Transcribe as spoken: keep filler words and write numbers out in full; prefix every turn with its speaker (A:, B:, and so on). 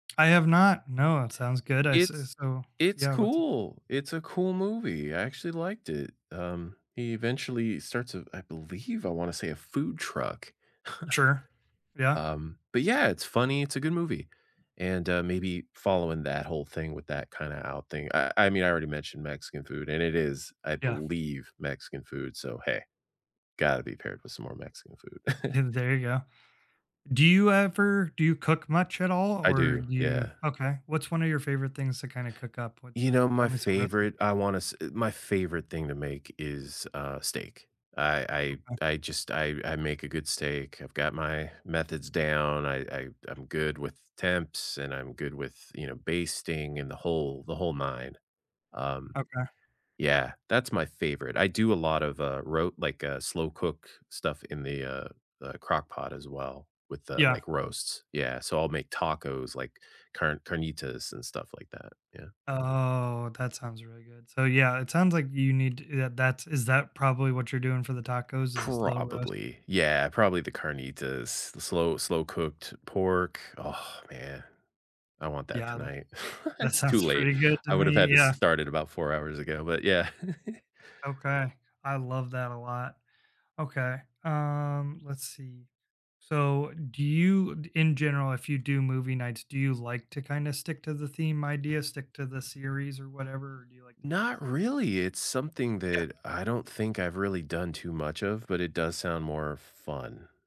A: I have not, no, it sounds good, I say
B: It's
A: so,
B: it's
A: yeah, what's u
B: cool, it's a cool movie, I actually liked it. Um, he eventually starts a I believe, I wanna say a food truck.
A: Sure. Yeah.
B: Um, but, yeah, it's funny, it's a good movie, and, uh, maybe following that whole thing with that kinda out thing. I I mean, I already mentioned Mexican food and it is, I
A: Yeah.
B: believe, Mexican food, so, hey, gotta be paired with some more Mexican food.
A: Yeah, there you go. Do you ever do you cook much at all,
B: I
A: or
B: do,
A: do you?
B: yeah.
A: okay, what's one of your favorite things to kinda cook up? What's,
B: You
A: uh,
B: know, my
A: tell me some reci
B: favorite I wanna s my favorite thing to make is, uh, steak. I
A: Okay.
B: I I just, I I make a good steak. I've got my methods down. I I I'm good with temps, and I'm good with, you know, basting and the whole, the whole nine, um
A: Okay.
B: Yeah, that's my favorite, I do a lot of, uh, ro like a slow-cook stuff in the, uh, the Crock-Pot as well with the,
A: Yeah.
B: like, roasts, yeah, so, I'll make tacos, like, car carnitas and stuff like that, yeah.
A: Oh, that sounds really good. So, yeah, it sounds like you need, t eh, that that is that probably what you're doing for the tacos is a slow roast?
B: Probably, yeah, probably the carnitas, the slow slow-cooked pork. Oh man, I want that
A: Yeah, that
B: tonight
A: that
B: it's too
A: sounds
B: late.
A: pretty good
B: I
A: to
B: would've
A: me,
B: had to
A: yeah.
B: start it about four hours ago, but yeah.
A: Okay. I love that a lot. Okay, um, let's see. So, do you, d in general, if you do movie nights, do you like to kinda stick to the theme idea, stick to the series or whatever, or do you like to
B: Not
A: mix up?
B: really, it's something
A: Yeah.
B: that I don't think I've really done too much of, but it does sound more fun.